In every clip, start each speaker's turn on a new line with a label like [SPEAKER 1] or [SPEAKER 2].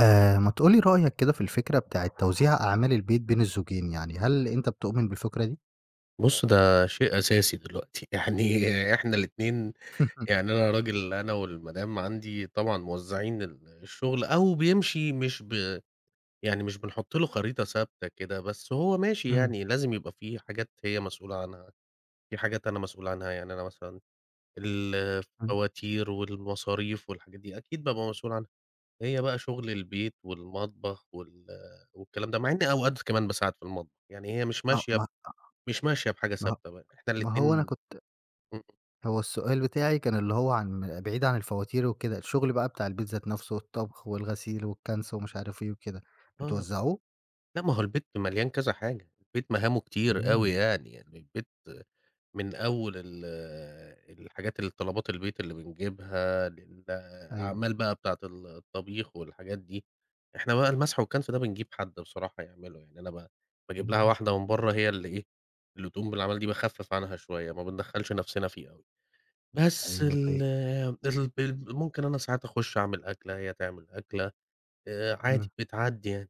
[SPEAKER 1] آآ، ما تقول لي رأيك كده في الفكرة بتاعة توزيع أعمال البيت بين الزوجين، يعني هل أنت بتؤمن بالفكرة دي؟
[SPEAKER 2] بُص، ده شيء أساسي دلوقتي. يعني إحنا الاتنين يعني أنا راجل أنا والمدام عندي طبعًا موزَّعين ال الشُغل، أو بيمشي مش ب يعني مش بنحُط له خريطة ثابتة كده، بس هو ماشي
[SPEAKER 1] إمم.
[SPEAKER 2] يعني، لازم يبقى في حاجات هي مسؤولة عنها، في حاجات أنا مسؤول عنها. يعني أنا مثلًا ال
[SPEAKER 1] إمم.
[SPEAKER 2] الفواتير والمصاريف والحاجات دي، أكيد بابقى مسؤول عنها. هي بقى شُغل البيت والمطبخ وال والكلام ده، مع إن أوقات كمان باساعد في المطبخ، يعني هي مش
[SPEAKER 1] آه،
[SPEAKER 2] ماشية
[SPEAKER 1] ما أ
[SPEAKER 2] مش ماشية بحاجة
[SPEAKER 1] ما هو
[SPEAKER 2] ثابتة، ب إحنا
[SPEAKER 1] ما هو أنا
[SPEAKER 2] الاتنين
[SPEAKER 1] كنت
[SPEAKER 2] إمم.
[SPEAKER 1] هو السؤال بتاعي كان اللي هو عن بعيد عن الفواتير وكده، الشُغل بقى بتاع البيت ذات نفَسْه والطَبْخ والغسيل والكَنْس ومش عارف إيه وكده،
[SPEAKER 2] آه.
[SPEAKER 1] بتوزَّعوه؟
[SPEAKER 2] لا ما هو البيت مليان كذا حاجة، البيت مهامه كتير أوي
[SPEAKER 1] إمم.
[SPEAKER 2] يعني، يعني البيت من أول ال الحاجات الطلبات البيت اللي بنجيبها
[SPEAKER 1] أيوه.
[SPEAKER 2] للأعمال بقى بتاعة ال الطبيخ والحاجات دي. إحنا بقى المَسْح والكَنْس ده بنجيب حد بصراحة يعمله، يعني أنا ب باجيب لها
[SPEAKER 1] اهم.
[SPEAKER 2] واحدة من برّه هي اللي إيه، اللي تقوم بالأعمال دي، باخفِّف عنها شوية ما بندخّلش نَفْسنا فيها أوي، بس
[SPEAKER 1] أيوه،
[SPEAKER 2] ال
[SPEAKER 1] طيب
[SPEAKER 2] ال ال ممكن أنا ساعات أخُش أعمل أكلة، هي تعمل أكلة، آآ عادي
[SPEAKER 1] إمم.
[SPEAKER 2] بتعدّي يعني.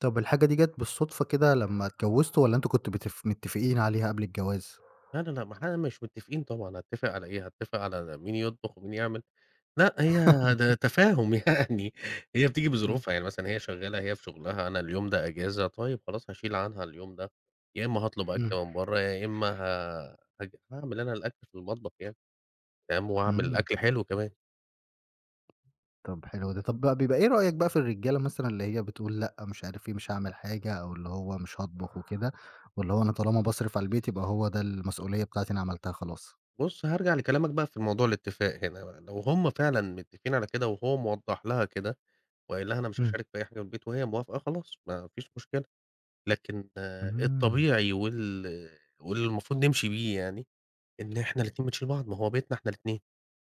[SPEAKER 1] طب الحاجة دي جات بالصدفة كده لما اتجوزتوا، والّا أنتم كنتم مت متفقين عليها قبل الجواز؟
[SPEAKER 2] لا، لا، لا، مح مش متفقين طبعًا، هاتفق على إيه؟! هاتفق على مين يطبخ ومين يعمل. لأ، هي ده تفاهم يعني. هي بتيجي
[SPEAKER 1] امم.
[SPEAKER 2] بظروفها يعني مثلًا هي شغالة، هي في شغلها، أنا اليوم ده أجازة، طيب خلاص هاشيل عنها اليوم ده. يا إما هاطلب
[SPEAKER 1] امم.
[SPEAKER 2] أكل من برا، يا إما ه هاعمل أنا الأكل في المطبخ يعني. تمام، وأعمل
[SPEAKER 1] امم.
[SPEAKER 2] الأكل حلو كمان.
[SPEAKER 1] طب حلو ده. طب، بيبقى إيه رأيك بقى في الرجالة مثلًا اللي هي بتقول لأ، مش عارف إيه، مش هاعمل حاجة أو اللي هو مش هاطبخ وكده، واللي هو أنا طالما باصرف على البيت يبقى هو ده المسؤولية بتاعتي، أنا عملتها خلاص؟
[SPEAKER 2] بُص، هارجع لكلامك بقى في موضوع الاتفاق هنا بقى. لو هم فعلًا متفقين على كده، وهو موضح لها كده وقايل لها أنا مش
[SPEAKER 1] امم.
[SPEAKER 2] هاشارك في أي حاجة في البيت، وهي موافقة، خلاص ما فيش مشكلة. لكن
[SPEAKER 1] امم.
[SPEAKER 2] الطبيعي وال والمفروض نمشي بيه يعني، إن إحنا الاتنين بنشيل بعض، ما هو بيتنا إحنا الاتنين.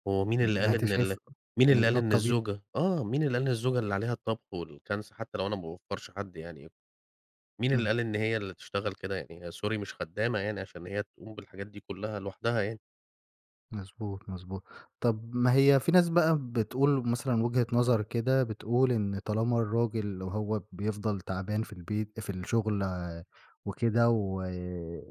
[SPEAKER 2] هو مين
[SPEAKER 1] امم،
[SPEAKER 2] اللي
[SPEAKER 1] يعني
[SPEAKER 2] قال
[SPEAKER 1] أنت
[SPEAKER 2] إن ال
[SPEAKER 1] شايف
[SPEAKER 2] مين اللي
[SPEAKER 1] إن
[SPEAKER 2] قال
[SPEAKER 1] ده
[SPEAKER 2] إن
[SPEAKER 1] الطبيعي؟
[SPEAKER 2] الزوجة آه، مين اللي قال إن الزوجة اللي عليها الطبخ والكنس حتى لو أنا ما باوّفرش حد يعني؟ مين اللي
[SPEAKER 1] امم.
[SPEAKER 2] قال إن هي اللي تشتغل كده يعني هي sorry مش خدامة يعني عشان هي تقوم بالحاجات دي كلها لوحدها يعني.
[SPEAKER 1] مضبوط، مضبوط. طب ما هي في ناس بقى بتقول مثلًا وجهة نظر كده، بتقول إن طالما الراجل وهو بيفضل تعبان في البيت في الشغل وكده و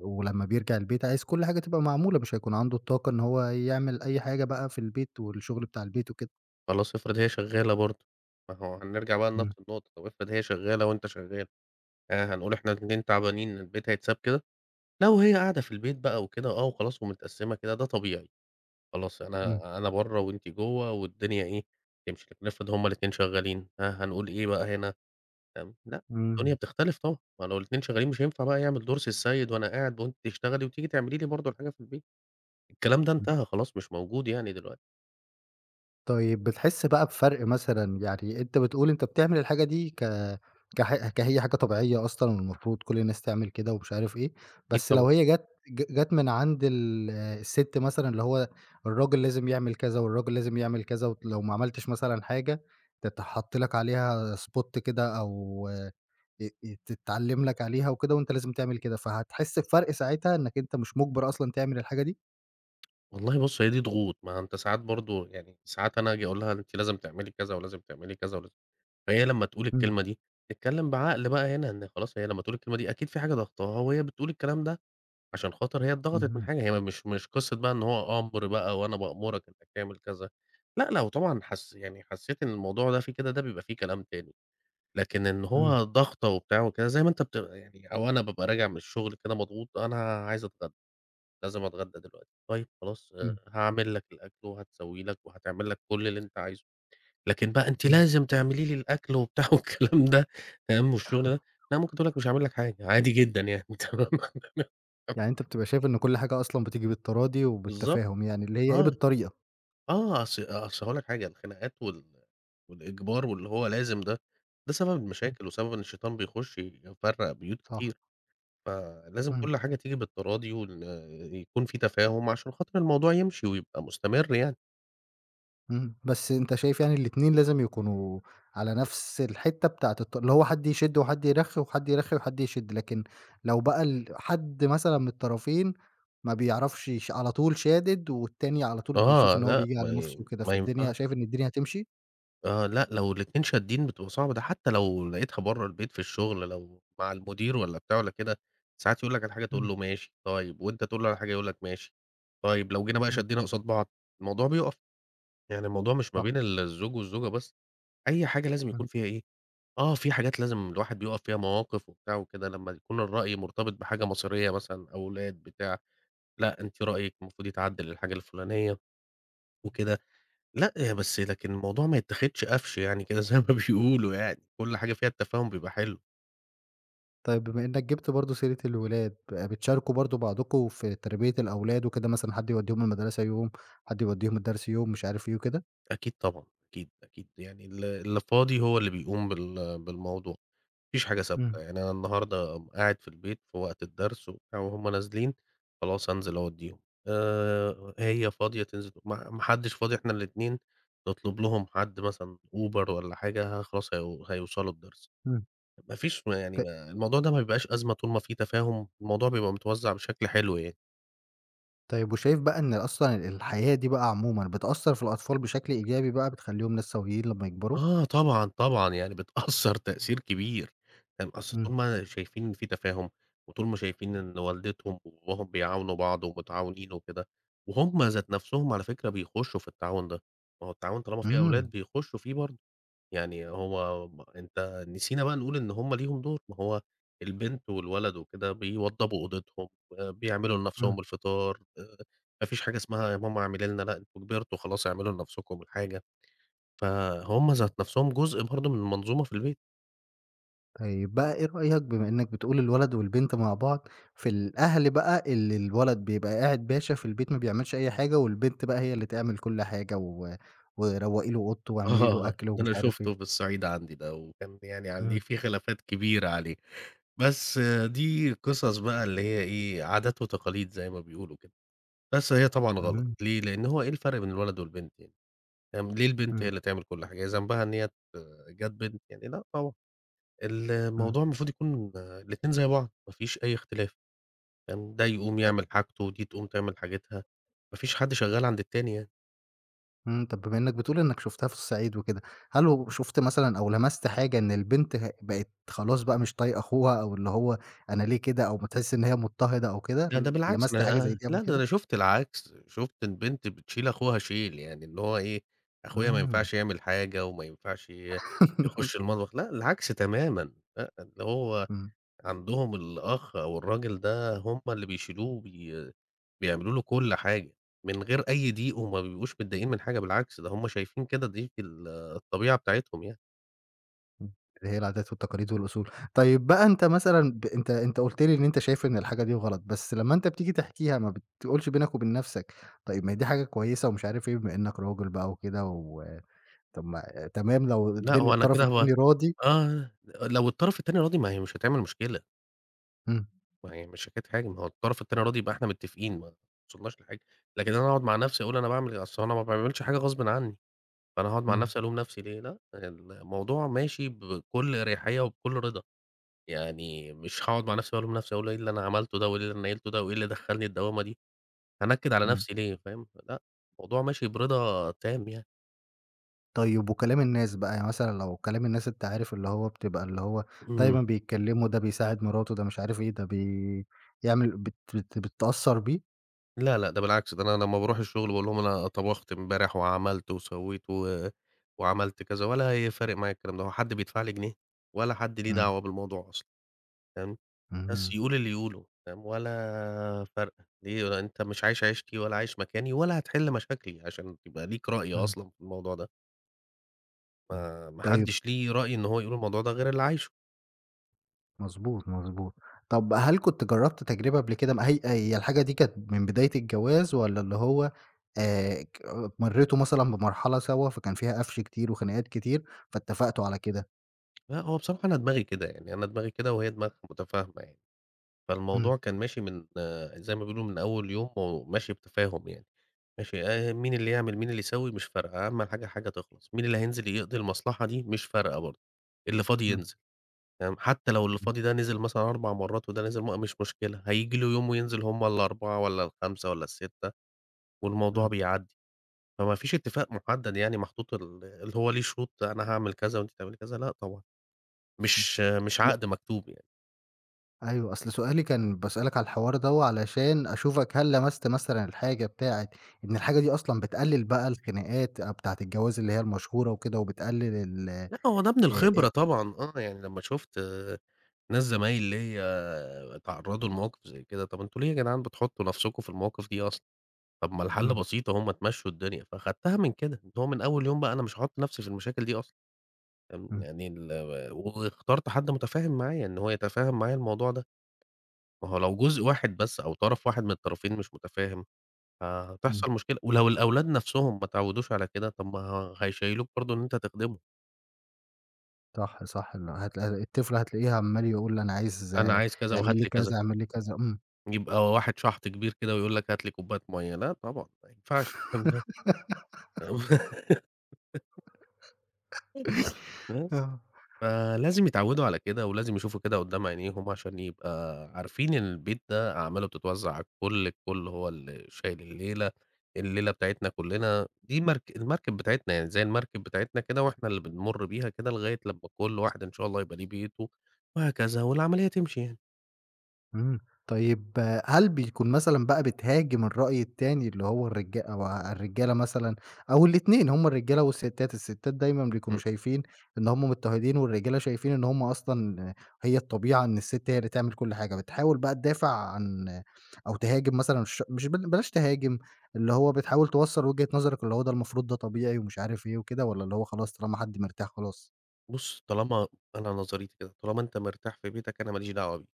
[SPEAKER 1] ولما بيرجع البيت عايز كل حاجة تبقى معمولة مش هيكون عنده الطاقة إن هو يعمل أي حاجة بقى في البيت والشغل بتاع البيت وكده.
[SPEAKER 2] خلاص، افرض هي شغالة برضه؟ ما هو هنرجع بقى لنفْس
[SPEAKER 1] إمم.
[SPEAKER 2] النقطة، طب افرض هي شغالة وأنت شغال؟ آآ، هنقول إحنا الإتنين تعبانين البيت هيتساب كده! لو هي قاعدة في البيت بقى وكده آه وخلاص ومتقسمة كده ده طبيعي. خلاص
[SPEAKER 1] إمم.
[SPEAKER 2] أنا أنا بره وأنتِ جوه والدنيا إيه، تمشي. لكن افرض هُم الاتنين شغالين، ها هنقول إيه بقى هنا، فاهم؟ لأ الدنيا
[SPEAKER 1] إمم.
[SPEAKER 2] بتختلف طبعًا، ما لو الاتنين شغالين مش هينفع بقى يعمل دور سي السيد وأنا قاعد وأنتِ تشتغلي وتيجي تعملي لي برضه الحاجة في البيت، الكلام ده
[SPEAKER 1] إمم.
[SPEAKER 2] انتهى خلاص، مش موجود يعني دلوقتي.
[SPEAKER 1] طيب، بتحس بقى بفرق مثلًا، يعني أنت بتقول أنت بتعمل الحاجة دي ك كح ك هي حاجة طبيعية أصلًا المفروض كل الناس تعمل كده ومش عارف إيه.
[SPEAKER 2] أكيد
[SPEAKER 1] بس
[SPEAKER 2] طبعًا.
[SPEAKER 1] لو هي جت ج جت من عند ال الست مثلًا اللي هو الراجل لازم يعمل كذا والراجل لازم يعمل كذا، ولو ما عملتش مثلًا حاجة تتحط لك عليها spot كده أو آآ، آآ تتعلم لك عليها وكده وأنت لازم تعمل كده فهتحس بفرق ساعتها إنك أنت مش مجبر أصلًا تعمل الحاجة دي؟
[SPEAKER 2] والله بُصّ هي دي ضغوط. ما ع أنت ساعات برضو يعني ساعات أنا آجي أقول لها: "أنتِ لازم تعملي كذا، ولازم تعملي كذا ولازم" فهي لمّا تقول
[SPEAKER 1] امم.
[SPEAKER 2] الكلمة دي اتكلّم بعقل بقى هنا، إن خلاص هي لمّا تقول الكلمة دي أكيد في حاجة ضاغطاها وهي بتقول الكلام ده عشان خاطر هي اتضغطت من
[SPEAKER 1] اهم.
[SPEAKER 2] حاجة، هي مش مش قصّة بقى إن هو أمر بقى وأنا بأمرك أنك تعمل كذا، لا لو طبعًا حس يعني حسّيت إن الموضوع ده في كده، ده بيبقى فيه كلام تاني، لكن إن
[SPEAKER 1] امم.
[SPEAKER 2] هو ضغطة وبتاع وكذا، زي ما أنت بتغ يعني أو أنا بابقى راجع من الشغل كده مضغوط، أنا عايز أتغدى، لازم أتغدى دلوقتي، طيّب خلاص آآ
[SPEAKER 1] امم.
[SPEAKER 2] هاعمل لك الأكل وهتسوي لك وهتعمل لك كل اللي أنت عايزه. لكن بقى، "أنتِ
[SPEAKER 1] امم.
[SPEAKER 2] لازم تعملي لي الأكل." وبتاع، والكلام ده فاهم والشغل ده؟ لا، ممكن تقول لك: "مش هاعمل لك حاجة." عادي جدًا يعني. تمام؟ [unintelligible]
[SPEAKER 1] يعني أنت بتبقى شايف إنّه كل حاجة أصلًا بتيجي بالتراضي
[SPEAKER 2] بالضبط.
[SPEAKER 1] وبالتفاهم، يعني اللي هي إيه،
[SPEAKER 2] آه،
[SPEAKER 1] بالطريقة.
[SPEAKER 2] آه. أص أصل هاقول لك حاجة، الخناقات وال والإجبار واللي هو لازم ده، ده سبب
[SPEAKER 1] امم.
[SPEAKER 2] المشاكل وسبب إن الشيطان بيخش يفرّق بيوت
[SPEAKER 1] صح.
[SPEAKER 2] كتير، فلازم
[SPEAKER 1] امم.
[SPEAKER 2] كل حاجة تيجي بالتراضي وإن يكون في تفاهم عشان خاطر الموضوع يمشي، ويبقى مستمر يعني.
[SPEAKER 1] اهم، بس أنت شايف يعني الاتنين لازم يكونوا على نفس الحتة بتاعة الط اللي هو حد يشد وحد يرخي، وحد يرخي وحد يشد، لكن لو بقى ال حد مثلًا من الطرفين ما بيعرفش ش على طول شادد والتاني على طول بيشوف
[SPEAKER 2] آه،
[SPEAKER 1] إن هو
[SPEAKER 2] لأ،
[SPEAKER 1] بيجي
[SPEAKER 2] ما
[SPEAKER 1] على نفسه
[SPEAKER 2] ي
[SPEAKER 1] وكده،
[SPEAKER 2] ما ينفعش.
[SPEAKER 1] فالدنيا شايف إن الدنيا هاتمشي؟
[SPEAKER 2] آه، لأ لو الاتنين شادين بتبقى صعبة، ده حتى لو لقيتها برا البيت في الشغل، لو مع المدير والّا بتاع والّا كده، ساعات يقول لك على حاجة تقول
[SPEAKER 1] إمم.
[SPEAKER 2] له ماشي طيب، وأنت تقول له الحاجة يقول لك ماشي طيب، لو جينا بقى
[SPEAKER 1] إمم.
[SPEAKER 2] شدينا قصاد بعض الموضوع بيوقف، يعني الموضوع مش ما
[SPEAKER 1] صح.
[SPEAKER 2] بين ال الزوج والزوجة بس، أي حاجة لازم
[SPEAKER 1] إمم.
[SPEAKER 2] يكون فيها إيه؟ آه، في حاجات لازم الواحد بيُقف فيها، مواقف وبتاع وكده لما يكون الرأي مرتبط بحاجة مصيرية مثلًا أولاد بتاع، لأ أنتِ رأيك المفروض يتعدِّل للحاجة الفلانية وكده، لأ هي بس لكن الموضوع ما يتاخدش قفش يعني كده زي ما بيقولوا يعني كل حاجة فيها التفاهم بيبقى حلو.
[SPEAKER 1] طيب بما إنك جبت برضه سيرة الولاد، ب بتشاركوا برضه بعضكم في تربية الأولاد وكده، مثلًا حد يوديهم المدرسة يوم، حد يوديهم الدرس يوم، مش عارف إيه وكده؟
[SPEAKER 2] أكيد طبعًا، أكيد، أكيد، يعني ال اللي فاضي هو اللي بيقوم بال بالموضوع، ما فيش حاجة ثابتة
[SPEAKER 1] إمم.
[SPEAKER 2] يعني، أنا النهاردة قاعد في البيت في وقت الدرس وبتاع وهُم نازلين خلاص أنزل أوديهم آآ، هي فاضية تنزل تو ما ما حدش فاضي إحنا الاتنين نطلب لهم حد مثلًا أوبر والَّا حاجة خلاص هي هيوصلوا الدرس،
[SPEAKER 1] إمم.
[SPEAKER 2] ما فيش يعني
[SPEAKER 1] ك
[SPEAKER 2] الموضوع ده ما بيبقاش أزمة طول ما في تفاهم، الموضوع بيبقى متوزع بشكل حلو يعني.
[SPEAKER 1] طيب، وشايف بقى إن أصلًا الحياة دي بقى عمومًا، بتأثَّر في الأطفال بشكل إيجابي بقى، بتخليهم ناس سويين لمّا يكبروا؟
[SPEAKER 2] آه طبعًا، طبعًا، يعني بتأثَّر تأثير كبير. تمام، أصل
[SPEAKER 1] امم.
[SPEAKER 2] إن هُم شايفين في تفاهم وطول ما شايفين إن والدتهم وباباهم بيعاونوا بعض ومتعاونين وكده وهُم ذات نفْسهم- على فكرة- بيخشوا في التعاون ده، ما هو التعاون طالما في أولاد
[SPEAKER 1] امم.
[SPEAKER 2] بيخشوا فيه برضه، يعني هو م أنت نسينا بقى نقول إن هُم ليهم دور، ما هو البنت والولد وكده بيوضبوا أوضتهم، بيعملوا
[SPEAKER 1] امم.
[SPEAKER 2] لنفْسهم الفطار، آآ، ما فيش حاجة اسمها يا ماما اعملي لنا، لأ أنت كبرتم خلاص، اعملوا لنفسكم الحاجة، فهُم ذات نفْسهم جزء برضه من المنظومة في البيت.
[SPEAKER 1] طيب بقى إيه رأيك، بما إنك بتقول الولد والبنت مع بعض، في الأهل بقى اللي الولد بيبقى قاعد باشا في البيت، ما بيعملش أي حاجة، والبنت بقى هي اللي تعمل كل حاجة و وروقي له أوضته واعملي له
[SPEAKER 2] آه
[SPEAKER 1] أكل
[SPEAKER 2] ده
[SPEAKER 1] ومش
[SPEAKER 2] أنا
[SPEAKER 1] عارف
[SPEAKER 2] شُفته
[SPEAKER 1] إيه؟
[SPEAKER 2] هي الصعيد عندي ده، وكان ب يعني عليه
[SPEAKER 1] امم.
[SPEAKER 2] في خلافات كبيرة عليه. بس دي قصص بقى اللي هي إيه، عادات وتقاليد زي ما بيقولوا كده. بس هي طبعًا غلط،
[SPEAKER 1] اهم.
[SPEAKER 2] ليه؟ لأنه هو إيه الفرق بين الولد والبنت يعني؟ فاهم، ليه البنت هي
[SPEAKER 1] امم.
[SPEAKER 2] اللي تعمل كل حاجة؟ ذنبها إن هي ات جات بنت؟ يعني لأ طبعًا.
[SPEAKER 1] امم.
[SPEAKER 2] الموضوع المفروض يكون، آآ، الاتنين زي بعض، ما فيش أي اختلاف، تمام، ده يقوم
[SPEAKER 1] ت
[SPEAKER 2] يعمل حاجته، ودي تقوم تعمل حاجاتها، ما فيش حد شغال عند التاني يعني.
[SPEAKER 1] إمم، طَب بما إنّك بتقول إنّك شُفتها في الصعيد وكده، هل وشُفت مثلًا أو لمَسْت حاجة إن البنت ه بقت خلاص بقى، مش طايقة أخوها أو اللي هو أنا ليه كده أو ما تحِس إن هي مضطهدة أو كده،
[SPEAKER 2] لا ده بالعكس،
[SPEAKER 1] لمَسْت حاجة زي
[SPEAKER 2] أنا
[SPEAKER 1] دي قبل
[SPEAKER 2] لأ ده
[SPEAKER 1] كده؟
[SPEAKER 2] أنا شُفت العكس. شُفت البنت بتشيل أخوها شيل، يعني اللي هو إيه، أخويا ما
[SPEAKER 1] إمم.
[SPEAKER 2] ينفعش يعمل حاجة وما ينفعش ي يخُش المطبخ لأ، العكس تمامًا لأ، اللي هو
[SPEAKER 1] إمم.
[SPEAKER 2] عندهم الأخ أو الراجل ده هم اللي بيشيلوه وبي بيعملوا له كل حاجة من غير أي ضيق وما بيبقوش متضايقين من حاجة بالعكس، ده هم شايفين كده دي في ال الطبيعة بتاعتهم يعني.
[SPEAKER 1] إمم، اللي هي العادات والتقاليد والأصول. طيب بقى أنت مثلًا ب أنت أنت قُلت لي إن أنت شايف إن الحاجة دي غلط، بس لمّا أنت بتيجي تحكيها ما بتقولش بينك وبين نَفْسك، طيب ما هي دي حاجة كويسة ومش عارف إيه، بما إنّك راجل بقى وكده و طَب ما تمام لو
[SPEAKER 2] لأ،
[SPEAKER 1] الدن
[SPEAKER 2] هو أنا
[SPEAKER 1] الطرف
[SPEAKER 2] كده هو
[SPEAKER 1] التاني راضي؟
[SPEAKER 2] آه، لو الطرف التاني راضي، ما هي مش هتعمل مشكلة.
[SPEAKER 1] إمم.
[SPEAKER 2] ما هي مش حكاية حاجة، ما هو الطرف التاني راضي يبقى إحنا متّفقين، ما وصلناش لحاجة. لكن أنا أقعُد مع نَفْسي وأقول أنا باعمل أصل أنا ما باعملش حاجة غصبٍ عنّي، فأنا هاقعُد مع
[SPEAKER 1] إمم.
[SPEAKER 2] نَفْسي ألوم نَفْسي ليه؟ لأ. الموضوع ماشي بكل أريحيّة وبكل رضا، يعني مش هاقعُد مع نَفْسي وألوم نَفْسي، أقول إيه اللي أنا عملته ده وإيه اللي نيّلته ده وإيه اللي دخّلني الدوّامة دي؟ هانكِّد على
[SPEAKER 1] إمم.
[SPEAKER 2] نَفْسي ليه فاهم؟ فلأ، الموضوع ماشي برضا تام يعني.
[SPEAKER 1] طيب وكلام الناس بقى يعني مثلًا لو كلام الناس أنت عارف اللي هو بتبقى اللي هو
[SPEAKER 2] امم.
[SPEAKER 1] دايمًا بيتكلّموا ده بيساعد مراتُه، ده مش عارف إيه، ده بي يعمل بت بت بتتأثّر بيه؟
[SPEAKER 2] لا، لأ ده بالعكس، ده أنا لمّا بارُوح الشغل باقول لهم أنا طَبَخت إمبارح وعملت وسوّيت و وعملت كذا ولا ه فارق معايا الكلام ده، هو حد بيدفعلي جنيه ولا حد ليه
[SPEAKER 1] امم.
[SPEAKER 2] دعوة بالموضوع أصلًا، فاهم، بس،
[SPEAKER 1] اهم.
[SPEAKER 2] يقول اللي يقوله، فاهم، ولا فارقة، ليه هو أنت مش عايش عيشتي ولا عايش مكاني ولا هتحِلّ مشاكلي عشان يبقى ليك رأي
[SPEAKER 1] امم.
[SPEAKER 2] أصلًا في الموضوع ده.
[SPEAKER 1] امم،
[SPEAKER 2] ما ما
[SPEAKER 1] طيب
[SPEAKER 2] حدش ليه رأي إن هو يقول الموضوع ده غير اللي عايشُه.
[SPEAKER 1] مضبوط، مضبوط، طَب هل كنت جرّبت تجربة قبل كده م هي هي الحاجة دي كانت من بداية الجواز؟ والَّا اللي هو آآ، ك مريتوا مثلًا بمرحلة سوا فكان فيها قَفْش كتير وخناقات كتير فاتفّقتوا على كده؟
[SPEAKER 2] لأ هو بصراحة أنا دماغي كده، يعني أنا دماغي كده وهي دماغها متفاهمة يعني،
[SPEAKER 1] امم.
[SPEAKER 2] فالموضوع كان ماشي من زي ما بيقولوا من أوّل يوم، وماشي بتفاهم يعني، ماشي آآ، مين اللي يعمل مين اللي يسوّي، مش فارقة، أهم حاجة الحاجة تِخلَص، مين اللي هينزل يقضي المصلحة دي؟ مش فارقة برضه، اللي فاضي
[SPEAKER 1] امم.
[SPEAKER 2] ينزل، فاهم، حتّى لو اللي
[SPEAKER 1] امم.
[SPEAKER 2] فاضي ده نِزِل مثلًا 4 مرّات وده نزل مرّة مش مشكلة، هييجي له يوم وينزل همّ ال4، والَّا ال5، والَّا ال6 والموضوع
[SPEAKER 1] امم.
[SPEAKER 2] بيعدّي، فما فيش اتفاق محدّد يعني محطوط ال اللي هو ليه شروط أنا هاعمل كذا وأنتِ تعملي كذا، لأ طبعًا،
[SPEAKER 1] امم،
[SPEAKER 2] مش مش
[SPEAKER 1] أصل
[SPEAKER 2] عقد مكتوب يعني.
[SPEAKER 1] أيوه، أصل سؤالي كان باسألك على الحوار دوّة، علشان أشوفك هل لمَسْت مثلًا الحاجة بتاعة إن الحاجة دي أصلًا بتقلّل بقى الخناقات أ بتاعة الجواز، اللي هي المشهورة وكده وبتقلّل ال أ
[SPEAKER 2] لأ، هو ده من
[SPEAKER 1] أ
[SPEAKER 2] الخبرة طبعًا، آه يعني لما شُفت ناس زمايل ليَّ اتعرّضوا لمواقِف زي كده، طَب أنتم ليه يا جدعان بتحُطّوا نَفسكم في المواقِف دي أصلًا؟ طَب ما الحَل
[SPEAKER 1] إمم.
[SPEAKER 2] بسيط أهو ما تمشّوا الدنيا. فاخدتها من كده، اللي هو من أول يوم بقى أنا مش هاحُط نَفسي في المشاكل دي أصلًا. آمم
[SPEAKER 1] إمم.
[SPEAKER 2] يعني ال واخترت حد متفاهِم معايا إن هو يتفهّم معايا الموضوع ده. ما هو لو جزء واحد بس أو طَرف واحد من الطرفين مش متفاهِم
[SPEAKER 1] إمم.
[SPEAKER 2] فهتحصَل مشكلة ولو الأولاد نَفسهم ما اتعوّدوش على كده، طَب ما هيشيّلوك برضه إن أنت تخدِمهم.
[SPEAKER 1] صح، صح ال هت الطفل هتلاقيه عَمّال يقول أنا عايز
[SPEAKER 2] أنا عايز كذا
[SPEAKER 1] اعمل
[SPEAKER 2] وهات
[SPEAKER 1] لي
[SPEAKER 2] لي كذا.
[SPEAKER 1] كذا، اعمل لي كذا، امم.
[SPEAKER 2] يبقى واحد شحْط كبير كده، ويقول لك هات لي كوباية مَيّة، لا طبعًا ما ينفعش الكلام ده. بس.
[SPEAKER 1] آه.
[SPEAKER 2] ف لازم يتعوّدوا على كده ولازم يشوفوا كده قُدّام عينيهم عشان يبقى عارفين البيت ده أعماله بتتوّزع على الكلّ، الكلّ هو اللي شايل الليلة، الليلة بتاعتنا كلّنا، دي مرك المركب بتاعتنا يعني، زي المركب بتاعتنا كده وإحنا اللي بنمُر بيها كده لغاية لمّا كلّ واحد إن شاء الله يبقى ليه بيته وهكذا والعملية تمشي يعني.
[SPEAKER 1] إمم طيب هل بيكون مثلًا بقى بتهاجم الرأي التاني اللي هو الرجا أو ا الرجالة مثلًا أو الإتنين هُم الرجالة والستات، الستات دايمًا بيكونوا
[SPEAKER 2] إمم.
[SPEAKER 1] شايفين إن هُم مضطهدين والرجالة شايفين إن هُم أصلًا هي الطبيعة إن الست هي اللي تعمل كلّ حاجة، بتحاول بقى تدافع عن أو تهاجم مثلا ش مش بل بلاش تهاجم، اللي هو بتحاول توصَّل وجهة نظرك، اللي هو ده المفروض ده طبيعي ومش عارف إيه وكده؟ والّا اللي هو خلاص، طالما حد مرتاح خلاص؟
[SPEAKER 2] بُصّ، طالما أنا نظريتي كده، طالما أنت مرتاح في بيتك أنا ما ليش دعوة بيك،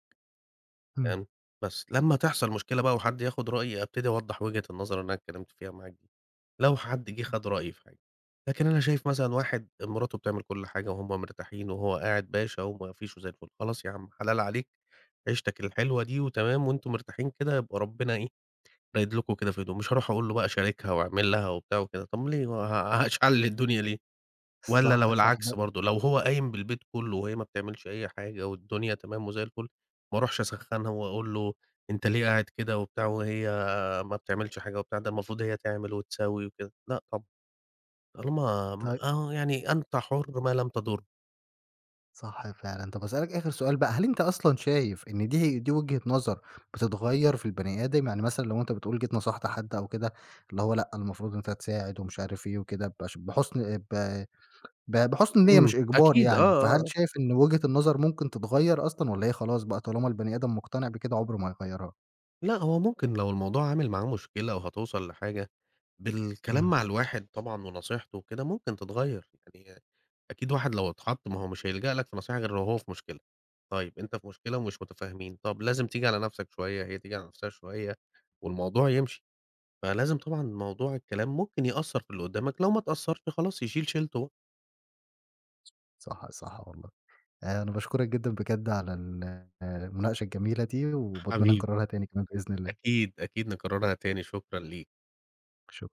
[SPEAKER 1] إمم.
[SPEAKER 2] فاهم، بس لمّا تحصل مشكلة بقى وحد ياخد رأيي ابتدي أوضّح وجهة النظر اللي أنا اتكلّمت فيها معاك دي، لو حد جه
[SPEAKER 1] [unintelligible]
[SPEAKER 2] خد رأيي في حاجة، لكن أنا شايف مثلًا واحد مراته بتعمل كلّ حاجة وهُم مرتاحين وهو قاعد باشا وما فيش وزي الفل، خلاص ياعم حلال عليك عيشتك الحلوة دي وتمام وأنتم مرتاحين كده يبقى ربنا إيه، رايد لكم كده في هدوء، مش هاروح أقول له بقى شاركها وأعمل لها وبتاع وكده، طب ليه، ه هشعلل الدنيا ليه؟ والَّا
[SPEAKER 1] صح،
[SPEAKER 2] لو
[SPEAKER 1] صح،
[SPEAKER 2] العكس
[SPEAKER 1] ده
[SPEAKER 2] برضه لو هو قايم بالبيت كلّه وهي ما بتعملش أي حاجة والدنيا تمام وزي الفُل، ما اروحش أسخّنها وأقول له: "أنت ليه قاعد كده وبتاع وهي ما بتعملش حاجة وبتاع، ده المفروض هي تعمل وتسوي وكده." لأ طبعًا، طالما م
[SPEAKER 1] طي
[SPEAKER 2] آه، يعني أنت حُر ما لم تضُر.
[SPEAKER 1] صح فعلًا، طب أسألك آخر سؤال بقى، هل أنت أصلًا شايف إن دي ه دي وجهة نظر بتتغيّر في البني آدم، يعني مثلًا لو أنت بتقول جيت نصحت حد أو كده، اللي هو لأ المفروض أنت تساعد ومش عارف إيه وكده، بش بحُسن ب ب بحُسن نية،
[SPEAKER 2] إمم،
[SPEAKER 1] مش إجبار
[SPEAKER 2] أكيد، آه،
[SPEAKER 1] يعني، فهل
[SPEAKER 2] آه، آه.
[SPEAKER 1] شايف إن وجهة النظر ممكن تتغيّر أصلًا، والّا هي خلاص بقى، طالما البني آدم مقتنع بكده عمره ما هيغيّرها؟
[SPEAKER 2] لأ، هو ممكن لو الموضوع عامل معاه مشكلة وهتوصَل لحاجة، بالكلام
[SPEAKER 1] إمم.
[SPEAKER 2] مع الواحد طبعًا ونصيحته وكده ممكن تتغَير، يعني أكيد واحد لو اتحط ما هو مش هيلجأ لك في نصيحة غير لو هو في مشكلة، طيب أنت في مشكلة ومش متفاهمين، طب لازم تيجي على نفْسك شوية، هي تيجي على نفْسها شوية، والموضوع يمشي، فلازم طبعًا موضوع الكلام ممكن يأثّر في اللي قدّامك، لو ما اتأثّرش خلاص، يشيل شيلته بقى.
[SPEAKER 1] صح، صح والله. آآ، أنا باشكرك جدًا بجد على ال المناقشة الجميلة دي، وباتمنى
[SPEAKER 2] حبيبي.
[SPEAKER 1] نكرّرها تاني كمان بإذن الله.
[SPEAKER 2] أكيد، أكيد نكرّرها تاني، شكرًا ليك.
[SPEAKER 1] شك